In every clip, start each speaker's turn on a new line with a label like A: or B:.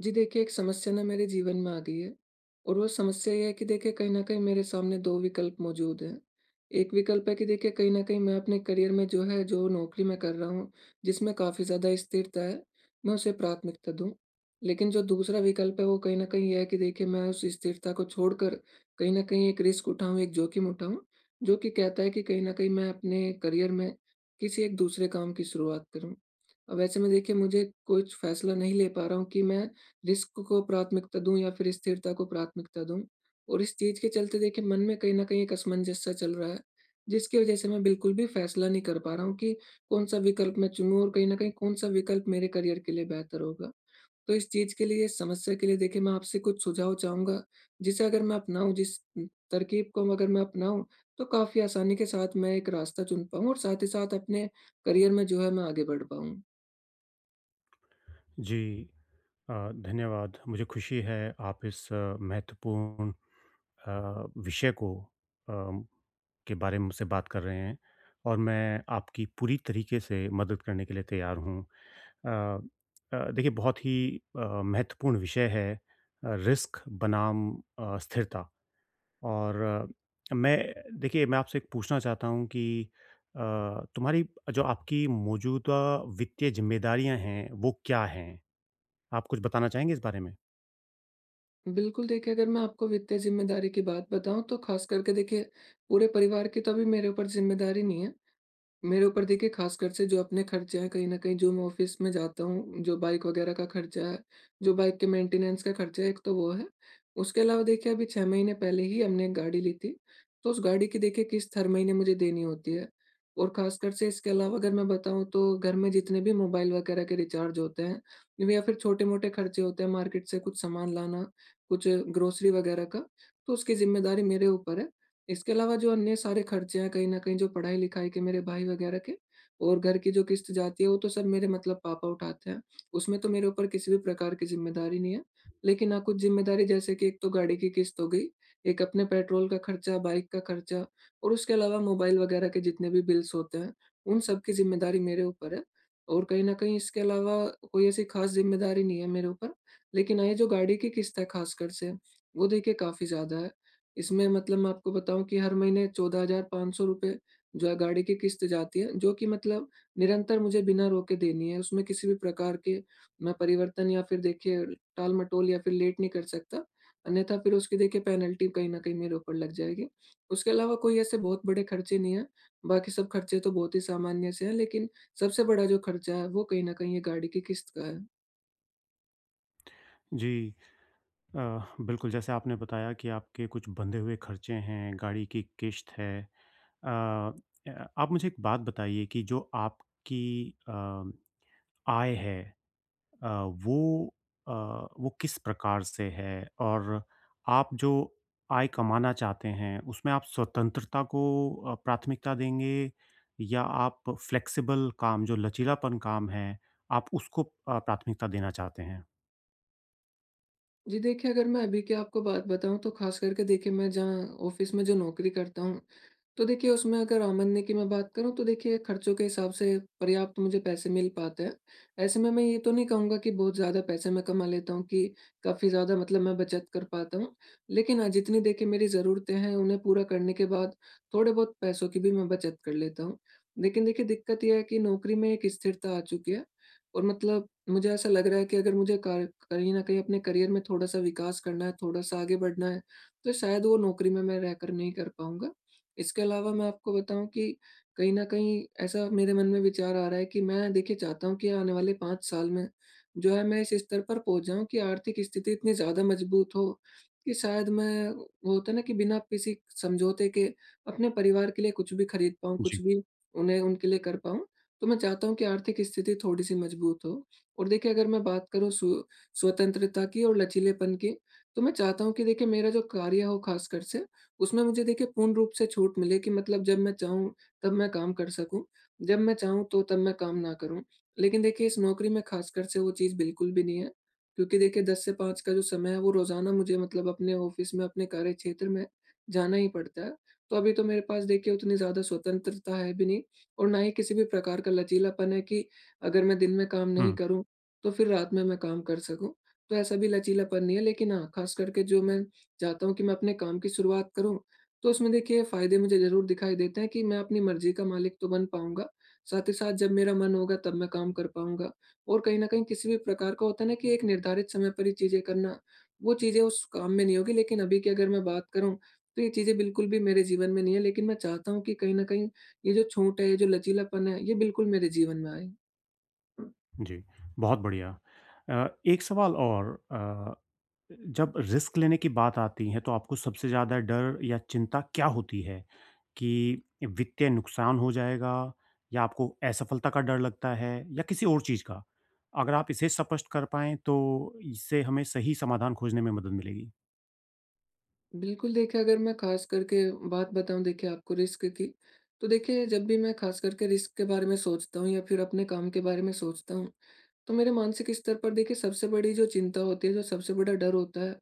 A: जी, देखिए एक समस्या ना मेरे जीवन में आ गई है और वो समस्या ये है कि देखिए कहीं न कहीं मेरे सामने 2 विकल्प मौजूद हैं। 1 विकल्प है कि देखिए कहीं न कहीं मैं अपने करियर में जो है, जो नौकरी मैं कर रहा हूँ, जिसमें काफ़ी ज़्यादा स्थिरता है, मैं उसे प्राथमिकता दूँ। लेकिन जो दूसरा विकल्प है वो कहीं न कहीं ये है कि देखिए मैं उस स्थिरता को छोड़कर कहीं न कहीं एक रिस्क उठाऊँ, एक जोखिम उठाऊँ। जो कि कहता है कि कहीं न कहीं मैं अपने करियर में किसी एक दूसरे काम की शुरुआत करूँ। अब ऐसे में देखिए मुझे कुछ फ़ैसला नहीं ले पा रहा हूँ कि मैं रिस्क को प्राथमिकता दूँ या फ़िर स्थिरता को प्राथमिकता दूँ। और इस चीज़ के चलते देखिए मन में कहीं न कहीं एक असमंजस सा चल रहा है। जिसकी वजह से मैं बिल्कुल भी फ़ैसला नहीं कर पा रहा हूँ कि कौन-सा विकल्प मैं चुनूँ और कहीं न कहीं कौन-सा विकल्प मेरे करियर के लिए बेहतर होगा। तो इस चीज़ के लिए, इस समस्या के लिए देखिए मैं आपसे कुछ सुझाव चाहूँगा जिसे अगर मैं अपनाऊँ, जिस तरकीब को अगर मैं अपनाऊँ। तो काफ़ी आसानी के साथ मैं एक रास्ता चुन पाऊँ और साथ ही साथ अपने करियर में जो है मैं आगे बढ़ पाऊँ।
B: जी, अ, धन्यवाद। मुझे खुशी है आप इस महत्वपूर्ण अ, विषय को अ, के बारे में मुझसे बात कर रहे हैं और मैं आपकी पूरी तरीके से मदद करने के लिए तैयार हूँ। अ अ, देखिए बहुत ही अ, महत्वपूर्ण विषय है अ, रिस्क बनाम अ, स्थिरता। और मैं देखिए, मैं आपसे एक पूछना चाहता हूँ कि अ, तुम्हारी जो आपकी मौजूदा वित्तीय ज़िम्मेदारियाँ हैं, वो क्या हैं? आप कुछ बताना चाहेंगे इस बारे में?
A: बिल्कुल देखिए, अगर मैं आपको वित्तीय जिम्मेदारी की बात बताऊँ, तो ख़ास करके देखिए पूरे परिवार की तो अभी मेरे ऊपर जिम्मेदारी नहीं है। मेरे ऊपर देखिए ख़ास कर से जो अपने खर्चे हैं कहीं न कहीं जो मैं ऑफ़िस में जाता हूँ, जो बाइक वग़ैरह का खर्चा है, जो बाइक के मेंटेनेंस का खर्चा है, एक तो वो है। उसके अलावा देखिए अभी 6 महीने पहले ही हमने एक गाड़ी ली थी। तो उस गाड़ी की देखिए किश्त हर महीने मुझे देनी होती है। और ख़ास कर से इसके अलावा अगर मैं बताऊँ, तो घर में जितने भी मोबाइल वग़ैरह के रिचार्ज होते हैं या फिर छोटे-मोटे खर्चे होते हैं मार्केट से कुछ सामान लाना, कुछ ग्रोसरी वग़ैरह का, तो उसकी जिम्मेदारी मेरे ऊपर है। इसके अलावा जो अन्य सारे खर्चे हैं, कहीं न कहीं जो पढ़ाई-लिखाई के मेरे भाई वग़ैरह के और घर की जो किश्त जाती है वो तो सर मेरे मतलब पापा उठाते हैं। उसमें तो मेरे ऊपर किसी भी प्रकार की जिम्मेदारी नहीं है। लेकिन हाँ कुछ जिम्मेदारी जैसे कि एक तो गाड़ी की किश्त हो गई, एक अपने पेट्रोल का खर्चा, बाइक का खर्चा और उसके अलावा मोबाइल वग़ैरह के जितने भी बिल्स होते हैं उन सब की जिम्मेदारी मेरे ऊपर है। और कहीं न कहीं इसके अलावा कोई ऐसी ख़ास जिम्मेदारी नहीं है मेरे ऊपर। लेकिन हाँ ये जो गाड़ी की किश्त है ख़ास कर से वो देखिए काफ़ी ज़्यादा है। इसमें मतलब मैं आपको बताऊँ कि हर महीने ₹14,500 जो है गाड़ी की किश्त जाती है जो कि मतलब निरंतर मुझे बिना रोके देनी है। उसमें किसी भी प्रकार के ना परिवर्तन या फिर देखिए टाल-मटोल या फिर लेट नहीं कर सकता। अन्यथा फिर उसकी देखिए पेनल्टी कहीं न कहीं मेरे ऊपर लग जाएगी। उसके अलावा कोई ऐसे बहुत बड़े खर्चे नहीं हैं। बाकी सब खर्चे तो बहुत ही सामान्य से हैं लेकिन सबसे बड़ा जो खर्चा है, वो कहीं न कहीं ये गाड़ी की किश्त का है।
B: जी, अ, बिल्कुल जैसे आपने बताया कि आपके कुछ बँधे हुए खर्चे हैं। गाड़ी की किश्त है अ, आप मुझे एक बात बताइए कि जो आपकी अम, आय है अ, वो अ, वो किस प्रकार से है और आप जो आय कमाना चाहते हैं उसमें आप स्वतंत्रता को अ, प्राथमिकता देंगे या आप फ्लेक्सिबल काम जो लचीलापन काम है, आप उसको अ, प्राथमिकता देना चाहते हैं?
A: जी, देखिए, अगर मैं अभी की आपको बात बताऊँ तो ख़ास करके देखिए मैं जहाँ ऑफ़िस में जो नौकरी करता हूँ तो देखिए उसमें अगर आमदनी की मैं बात करूँ तो देखिए खर्चों के हिसाब से पर्याप्त मुझे पैसे मिल पाते हैं। ऐसे में मैं ये तो नहीं कहूँगा कि बहुत ज़्यादा पैसे मैं कमा लेता हूँ कि काफ़ी ज़्यादा मतलब मैं बचत कर पाता हूँ, लेकिन हाँ जितनी देखिए मेरी ज़रूरतें हैं उन्हें पूरा करने के बाद थोड़े-बहुत पैसों की भी मैं बचत कर लेता हूँ, लेकिन देखिए दिक्कत ये है कि नौकरी में एक स्थिरता आ चुकी है और मतलब मुझे ऐसा लग रहा है कि अगर मुझे क कहीं न कहीं अपने करियर में थोड़ा-सा विकास करना है, थोड़ा-सा आगे बढ़ना है तो शायद वो नौकरी में मैं रहकर नहीं कर पाऊँगा, इसके अलावा मैं आपको बताऊँ कि, कहीं न कहीं ऐसा मेरे मन में विचार आ रहा है कि मैं देखिए चाहता हूँ, कि आने वाले 5 साल में जो है मैं इस स्तर पर पहुँच जाऊँ कि आर्थिक स्थिति इतनी ज़्यादा मजबूत हो कि शायद मैं वो होता है ना कि बिना किसी समझौते के अपने परिवार के लिए कुछ भी खरीद पाऊँ, कुछ
B: जी।
A: भी उन्हें उनके लिए कर पाऊँ। तो मैं चाहता हूँ कि आर्थिक स्थिति थोड़ी-सी मजबूत हो और देखिए अगर मैं बात करूँ सु स्वतंत्रता की और लचीलेपन की तो मैं चाहता हूँ कि देखिए मेरा जो कार्य हो ख़ास कर से उसमें मुझे देखिए पूर्ण रूप से छूट मिले कि मतलब जब मैं चाहूँ तब मैं काम कर सकूँ जब मैं चाहूँ तो तब मैं काम ना करूँ। लेकिन देखिए इस नौकरी में ख़ास कर से वो चीज़ बिल्कुल भी नहीं है, क्योंकि देखिए 10 से 5 का जो समय है वो रोज़ाना मुझे मतलब अपने ऑफ़िस में, अपने कार्यक्षेत्र में जाना ही पड़ता है, तो अभी तो मेरे पास देखिए उतनी ज़्यादा स्वतंत्रता है भी नहीं और ना ही किसी भी प्रकार का लचीलापन है कि अगर मैं दिन में काम नहीं
B: हुँ।
A: करूँ तो फिर रात में मैं काम कर सकूँ। तो ऐसा भी लचीलापन नहीं है लेकिन हाँ ख़ास करके जो मैं चाहता हूँ कि मैं अपने काम की शुरुआत करूँ तो उसमें देखिए फ़ायदे मुझे ज़रूर दिखाई देते हैं कि मैं अपनी मर्जी का मालिक तो बन पाऊँगा साथ ही साथ जब मेरा मन होगा तब मैं काम कर पाऊँगा और कहीं न कहीं किसी भी प्रकार का होता है ना कि एक निर्धारित समय पर ही चीज़ें करना वो चीज़ें उस काम में नहीं होगी। लेकिन अभी की अगर मैं बात करूँ तो ये चीजें बिल्कुल भी मेरे जीवन में नहीं हैं लेकिन मैं चाहता हूँ कि कहीं न कहीं ये जो छूट है, ये जो लचीलापन है ये बिल्कुल मेरे जीवन में आए।
B: जी, बहुत बढ़िया, अ, एक सवाल और अ, जब रिस्क लेने की बात आती है तो आपको सबसे ज़्यादा डर या चिंता क्या होती है कि वित्तीय नुकसान हो जाएगा या आपको असफलता का डर लगता है या किसी और चीज़ का? अगर आप इसे स्पष्ट कर पाएँ तो इससे हमें सही समाधान खोजने में मदद मिलेगी।
A: बिल्कुल देखिए, अगर मैं ख़ास करके ब बात बताऊँ देखिए आपको रिस्क की, तो देखिए जब भी मैं ख़ास करके रिस्क के बारे में सोचता हूँ या फिर अपने काम के बारे में सोचता हूँ तो मेरे मानसिक स्तर पर देखिए सबसे बड़ी जो चिंता होती है, जो सबसे बड़ा डर होता है,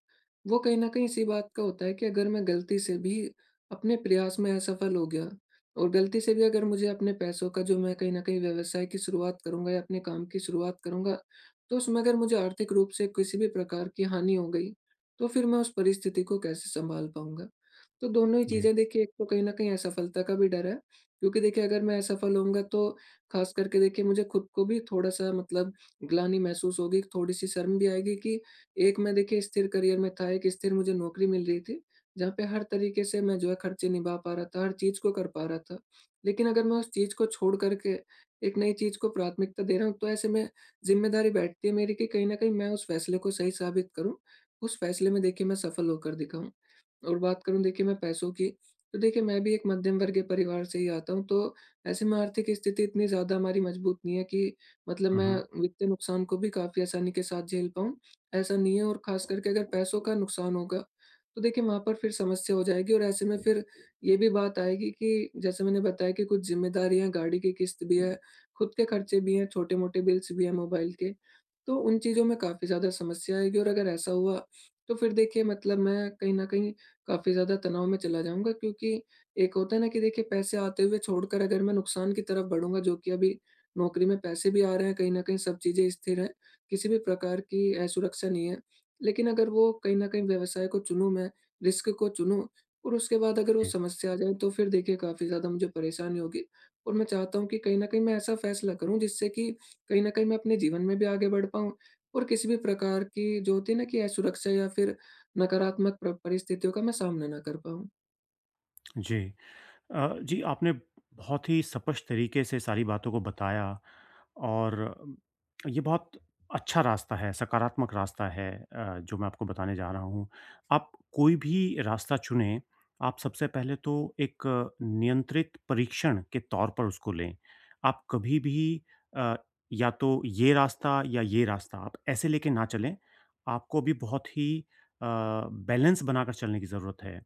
A: वो कहीं न कहीं इसी बात का होता है कि अगर मैं गलती से भी अपने प्रयास में असफल हो गया और गलती से भी अगर मुझे अपने पैसों का जो मैं कहीं न कहीं व्यवसाय की शुरुआत करूँगा या अपने काम की शुरुआत करूँगा। तो उसमें अगर मुझे आर्थिक रूप से किसी भी प्रकार की हानि हो गई, तो फिर मैं उस परिस्थिति को कैसे सँभाल पाऊँगा? तो दोनों ही
B: जी।
A: चीज़ें देखिए, एक तो कहीं न कहीं असफलता का भी डर है क्योंकि देखिए अगर मैं असफल होऊँगा तो ख़ास करके देखिए मुझे खुद को भी थोड़ा-सा मतलब ग्लानि महसूस होगी। एक थोड़ी-सी शर्म भी आएगी कि एक मैं देखिए स्थिर करियर में था, एक स्थिर मुझे नौकरी मिल रही थी। जहाँ पे हर तरीके से मैं जो है खर्चे निभा पा रहा था, हर चीज़ को कर पा रहा था। लेकिन अगर मैं उस चीज को छोड़ कर के एक नई चीज को प्राथमिकता दे रहा हूँ तो ऐसे में जिम्मेदारी बैठती है मेरी कि कहीं न कहीं मैं उस फैसले को सही साबित करूँ, उस फैसले में देखिए मैं सफल होकर दिखाऊँ और बात करूँ देखिए मैं पैसों की, तो देखिए मैं भी एक मध्यम वर्गीय के परिवार से ही आता हूँ तो ऐसे में आर्थिक स्थिति इतनी ज़्यादा हमारी मजबूत नहीं है कि मतलब
B: हुँ,
A: मैं
B: हुँ।
A: वित्तीय नुकसान को भी काफ़ी आसानी के साथ झेल पाऊँ। ऐसा नहीं है और ख़ास करके अगर पैसों का नुकसान होगा, तो देखिए वहाँ पर फिर समस्या हो जाएगी। और ऐसे में फिर ये भी बात आएगी कि जैसे मैंने बताया कि कुछ ज़िम्मेदारियाँ हैं, गाड़ी की किश्त भी है, खुद के खर्चे भी हैं, छोटे-मोटे बिल्स भी हैं मोबाइल के। तो उन चीज़ों में काफ़ी ज़्यादा समस्या आएगी और अगर ऐसा हुआ तो फिर देखिए मतलब मैं कहीं न कहीं काफ़ी ज़्यादा तनाव में चला जाऊँगा। क्योंकि एक होता है ना कि देखिए पैसे आते हुए छोड़कर अगर मैं नुकसान की तरफ बढ़ूँगा जो कि, अभी नौकरी में पैसे भी आ रहे हैं, कहीं न कहीं सब चीज़ें स्थिर हैं, किसी भी प्रकार की असुरक्षा नहीं है। लेकिन अगर वो कहीं न कहीं व्यवसाय को चुनूँ मैं, रिस्क को चुनूँ और उसके बाद अगर वो
B: जी।
A: समस्या आ जाए तो फिर देखिए काफ़ी ज़्यादा मुझे परेशानी होगी। और मैं चाहता हूँ कि कहीं न कहीं मैं ऐसा फैसला करूँ जिससे कि कहीं न कहीं मैं अपने जीवन में भी आगे बढ़ पाऊँ और किसी भी प्रकार की जो होती है ना कि असुरक्षा या फिर नकारात्मक प्र परिस्थितियों का मैं सामना ना कर पाऊँ।
B: जी, अ, जी, आपने बहुत ही स्पष्ट तरीक़े से सारी बातों को बताया और ये बहुत अच्छा रास्ता है, सकारात्मक रास्ता है अ, जो मैं आपको बताने जा रहा हूँ, आप कोई भी रास्ता चुनें, आप सबसे पहले तो एक नियंत्रित परीक्षण के तौर पर उसको लें, आप कभी भी अ, या तो ये रास्ता, या ये रास्ता, आप ऐसे लेके ना चलें आपको भी बहुत ही अ, बैलेंस बनाकर चलने की ज़रूरत है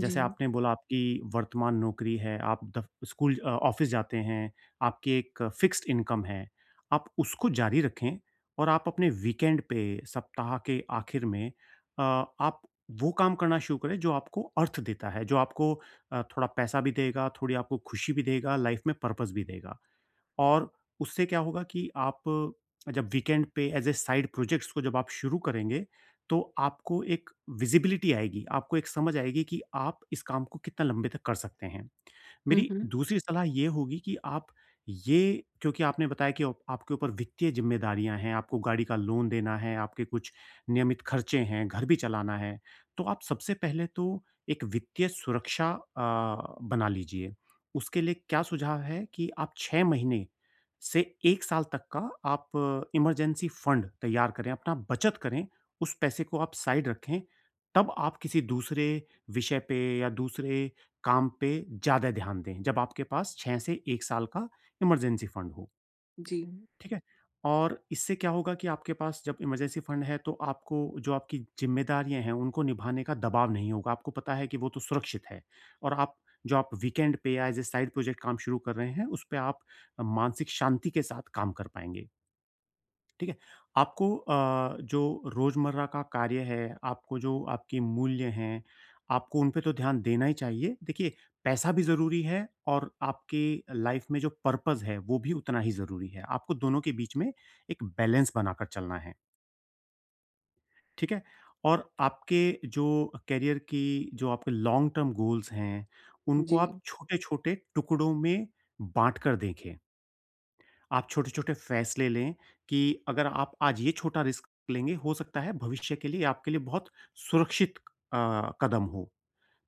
B: जैसे आपने बोला आपकी वर्तमान नौकरी है, आप दफ स्कूल अ, ऑफ़िस जाते हैं, आपकी एक फ़िक्स्ड इंकम है आप उसको जारी रखें और आप अपने वीकेंड पे सप्ताह के आखिर में अ, आप वो काम करना शुरू करें जो आपको अर्थ देता है, जो आपको अ, थोड़ा पैसा भी देगा, थोड़ी आपको खुशी भी देगा, लाइफ़ में पर्पस भी देगा और उससे क्या होगा कि आप जब वीकेंड पे एज़ ए साइड प्रोजेक्ट्स को जब आप शुरू करेंगे तो आपको एक विज़िबिलिटी आएगी, आपको एक समझ आएगी कि आप इस काम को कितना लंबे तक कर सकते हैं।
A: हुँ,
B: मेरी
A: हुँ।
B: दूसरी सलाह ये होगी कि आप ये क्योंकि आपने बताया कि आपके ऊपर वित्तीय जिम्मेदारियाँ हैं, आपको गाड़ी का लोन देना है, आपके कुछ नियमित खर्चे हैं, घर भी चलाना है तो आप सबसे पहले तो एक वित्तीय सुरक्षा अ, बना लीजिए उसके लिए क्या सुझाव है कि आप 6 महीने से 1 साल तक का आप इमरजेंसी फंड तैयार करें, अपना बचत करें उस पैसे को आप साइड रखें तब आप किसी दूसरे विषय पे या दूसरे काम पे ज़्यादा ध्यान दें जब आपके पास 6 से 1 साल का इमरजेंसी फंड हो।
A: जी।
B: ठीक है, और इससे क्या होगा कि आपके पास जब इमरजेंसी फंड है तो आपको जो आपकी जिम्मेदारियाँ हैं उनको निभाने का दबाव नहीं होगा, आपको पता है कि वो तो सुरक्षित है और आप जो आप वीकेंड पे एज़ ए साइड प्रोजेक्ट काम शुरू कर रहे हैं उस पे आप मानसिक शांति के साथ काम कर पाएँगे। ठीक है, आपको अ, जो रोज़मर्रा का कार्य है, आपको जो आपकी मूल्य हैं, आपको उन पे तो ध्यान देना ही चाहिए देखिए पैसा भी ज़रूरी है और आपकी लाइफ़ में जो पर्पस है वो भी उतना ही ज़रूरी है। आपको दोनों के बीच में एक बैलेंस बनाकर चलना है। ठीक है। और आपके जो अ, करियर की जो आपके लॉन्ग-टर्म गोल्स हैं, उनको
A: जी।
B: आप छोटे-छोटे टुकड़ों में बाँट कर देखें। आप छोटे-छोटे फ़ैसले लें कि अगर आप आज ये छोटा रिस्क लेंगे हो सकता है भविष्य के लिए आपके लिए बहुत सुरक्षित अ, कदम हो।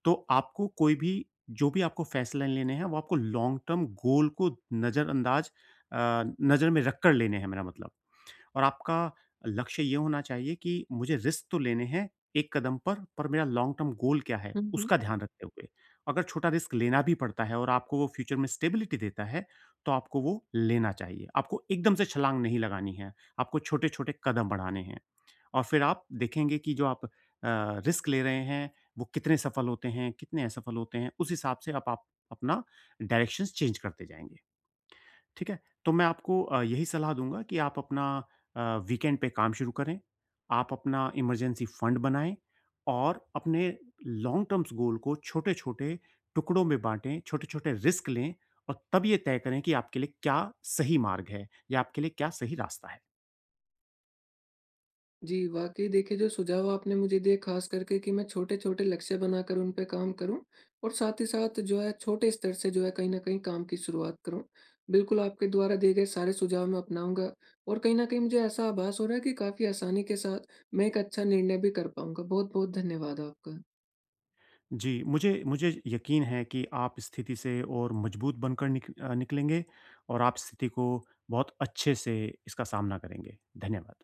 B: तो आपको कोई भी जो भी आपको फ़ैसले लेने हैं वो आपको लॉन्ग-टर्म गोल को नज़रअंदाज अ, नज़र में रखकर लेने हैं मेरा मतलब। और आपका लक्ष्य ये होना चाहिए कि मुझे रिस्क तो लेने हैं एक कदम पर, पर मेरा लॉन्ग-टर्म गोल क्या है,
A: हुँ, हुँ।
B: उसका ध्यान रखते हुए। अगर छोटा रिस्क लेना भी पड़ता है और आपको वो फ्यूचर में स्टेबिलिटी देता है, तो आपको वो लेना चाहिए। आपको एकदम से छलांग नहीं लगानी है, आपको छोटे-छोटे कदम बढ़ाने हैं। और फ़िर आप देखेंगे कि जो आप अ, रिस्क ले रहे हैं, वो कितने सफल होते हैं, कितने असफल होते हैं। उस हिसाब से अब आप अपना डायरेक्शन्स चेंज करते जाएँगे, ठीक है? तो मैं आपको अ, यही सलाह दूँगा कि आप अपना अ, वीकेंड पे काम शुरू करें, आप अपना इमरजेंसी फंड बनाएँ। और अपने लॉन्ग टर्म्स गोल को छोटे-छोटे टुकड़ों में बाँटें, छोटे-छोटे रिस्क लें। और तब ये तय करें कि आपके लिए क्या सही मार्ग है या आपके लिए क्या सही रास्ता है।
A: जी, वाक़ई देखिए जो सुझाव आपने मुझे दिए खास करके कि मैं छोटे-छोटे लक्ष्य बनाकर उन पे काम करूँ और साथ ही साथ जो है छोटे स्तर से जो है कहीं न कहीं काम की शुरुआत करूँ। बिल्कुल, आपके द्वारा दिए गए सारे सुझाव मैं अपनाऊँगा और कहीं न कहीं मुझे ऐसा आभास हो रहा है कि काफ़ी आसानी के साथ मैं एक अच्छा निर्णय भी कर पाऊँगा। बहुत-बहुत धन्यवाद आपका।
B: जी, मुझे मुझे यकीन है कि आप स्थिति से और मजबूत बनकर निक अ, निकलेंगे और आप स्थिति को बहुत अच्छे से इसका सामना करेंगे। धन्यवाद।